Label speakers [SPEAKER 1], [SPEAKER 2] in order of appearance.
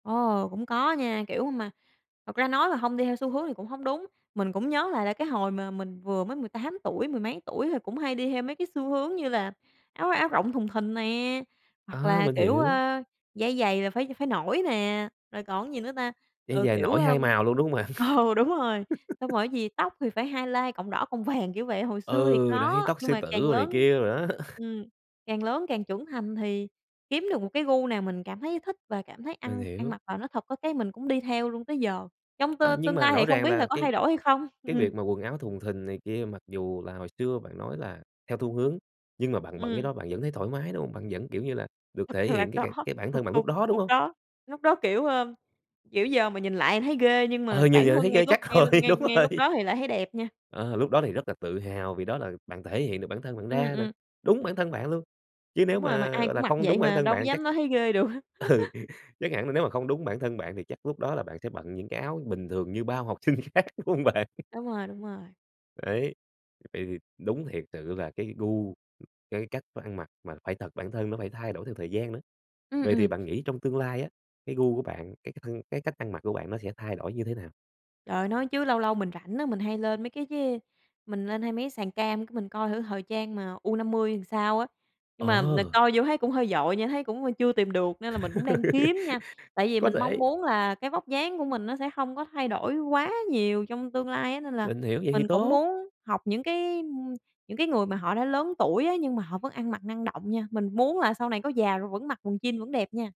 [SPEAKER 1] Ồ, cũng có nha, kiểu, mà thật ra nói mà hông đi theo xu hướng thì cũng hông đúng. Mình cũng nhớ lại là cái hồi mà mình vừa mới 18 tuổi, mười mấy tuổi thì cũng hay đi theo mấy cái xu hướng như là áo áo rộng thùng thình nè, hoặc
[SPEAKER 2] À,
[SPEAKER 1] là,
[SPEAKER 2] mình
[SPEAKER 1] kiểu,
[SPEAKER 2] hiểu.
[SPEAKER 1] ơ, dây giày là phải phải nổi nè, rồi còn cái gì nữa ta?
[SPEAKER 2] Đi
[SPEAKER 1] Ừ,
[SPEAKER 2] giày
[SPEAKER 1] kiểu,
[SPEAKER 2] nổi 2
[SPEAKER 1] ưm,
[SPEAKER 2] màu luôn, đúng hông bạn?
[SPEAKER 1] ừ, đúng rồi, xong rồi cái gì tóc thì phải highlight cọng đỏ, cọng vàng kiểu vậy. Hồi xưa thì
[SPEAKER 2] Ừ, đấy,
[SPEAKER 1] có,
[SPEAKER 2] tóc
[SPEAKER 1] nhưng
[SPEAKER 2] sư
[SPEAKER 1] mà
[SPEAKER 2] tử,
[SPEAKER 1] càng
[SPEAKER 2] rồi này
[SPEAKER 1] lớn,
[SPEAKER 2] kia đồ đó.
[SPEAKER 1] ừm, càng lớn càng trưởng thành thì kiếm được một cái gu nào mình cảm thấy thích và cảm thấy
[SPEAKER 2] Mình
[SPEAKER 1] ăn ăn
[SPEAKER 2] hiểu.
[SPEAKER 1] mặc vào nó thật, có cái mình cũng đi theo luôn tới giờ. Trong t
[SPEAKER 2] À, nhưng
[SPEAKER 1] tương
[SPEAKER 2] mà
[SPEAKER 1] lai thì
[SPEAKER 2] rõ
[SPEAKER 1] không
[SPEAKER 2] ràng
[SPEAKER 1] biết là
[SPEAKER 2] là
[SPEAKER 1] có
[SPEAKER 2] cái
[SPEAKER 1] thay đổi hay không. Ừ,
[SPEAKER 2] cái
[SPEAKER 1] ừm.
[SPEAKER 2] việc mà quần áo thùng thình này kia mặc dù là hồi xưa bạn nói là theo thu hướng, nhưng mà bạn bận cái
[SPEAKER 1] Ừm.
[SPEAKER 2] đó bạn vẫn thấy thoải mái, đúng hông? Bạn vẫn, kiểu như là, được thể
[SPEAKER 1] Thật là
[SPEAKER 2] hiện cái c
[SPEAKER 1] có.
[SPEAKER 2] cái bản
[SPEAKER 1] Thực
[SPEAKER 2] thân bạn
[SPEAKER 1] sự
[SPEAKER 2] lúc đó, đúng
[SPEAKER 1] lúc
[SPEAKER 2] hông?
[SPEAKER 1] đó lúc đó, kiểu, ơ, kiểu, giờ mà nhìn lại thì thấy ghê, nhưng mà
[SPEAKER 2] Ờ, như
[SPEAKER 1] bản
[SPEAKER 2] giờ thấy
[SPEAKER 1] thân ngay
[SPEAKER 2] ghê,
[SPEAKER 1] lúc
[SPEAKER 2] chắc
[SPEAKER 1] ngay
[SPEAKER 2] rồi,
[SPEAKER 1] ngay
[SPEAKER 2] đúng
[SPEAKER 1] ngay lúc
[SPEAKER 2] rồi.
[SPEAKER 1] đó thì lại thấy đẹp nha.
[SPEAKER 2] Ờ, lúc đó thì rất là tự hào vì đó là bạn thể hiện được bản thân bạn
[SPEAKER 1] Ừm,
[SPEAKER 2] ra nè.
[SPEAKER 1] ừm.
[SPEAKER 2] Đúng bản thân bạn luôn! Chứ nếu
[SPEAKER 1] Đúng rồi, mà
[SPEAKER 2] mà,
[SPEAKER 1] ai
[SPEAKER 2] gọi
[SPEAKER 1] cũng
[SPEAKER 2] là,
[SPEAKER 1] mặc
[SPEAKER 2] không
[SPEAKER 1] vậy
[SPEAKER 2] đúng bản
[SPEAKER 1] mà,
[SPEAKER 2] thân
[SPEAKER 1] đâu có
[SPEAKER 2] bạn chắc
[SPEAKER 1] dám nói thấy ghê được.
[SPEAKER 2] ừ, chắc hẳn là nếu mà không đúng bản thân bạn thì chắc lúc đó là bạn sẽ bận những cái áo bình thường như bao học sinh khác, đúng hông bạn?
[SPEAKER 1] Đúng rồi, đúng rồi.
[SPEAKER 2] Đấy. Vậy thì đúng thiệt sự là cái gu, cái cách ăn mặc mà phải thật, bản thân nó phải thay đổi theo thời gian nữa.
[SPEAKER 1] Ừm,
[SPEAKER 2] Vậy thì
[SPEAKER 1] ừm.
[SPEAKER 2] bạn nghĩ trong tương lai á, cái gu của bạn, cái cái thân cái cách ăn mặc của bạn nó sẽ thay đổi như thế nào?
[SPEAKER 1] Trời ơi, nói chứ lâu lâu mình rãnh á, mình hay lên mấy cái d mình lên hay mấy cái sàn cam cái mình coi thử thời trang mà U50 thì sao á, nhưng mà mình
[SPEAKER 2] Ờ!
[SPEAKER 1] coi vô thấy cũng hơi vội nha, thấy cũng, ưm, chưa tìm được nên là mình cũng đang kiếm nha, tại vì
[SPEAKER 2] Có
[SPEAKER 1] mình mong
[SPEAKER 2] thể.
[SPEAKER 1] muốn là cái vóc dáng của mình nó sẽ hông có thay đổi quá nhiều trong tương lai á. Nên là
[SPEAKER 2] Mình hiểu. Vậy thì
[SPEAKER 1] mình cũng
[SPEAKER 2] tốt!
[SPEAKER 1] muốn học những cái những cái, ưm những cái người mà họ đã lớn tuổi á, nhưng mà họ vẫn ăn mặc năng động nha, mình muốn là sau này có già rồi vẫn mặc quần jean vẫn đẹp nha.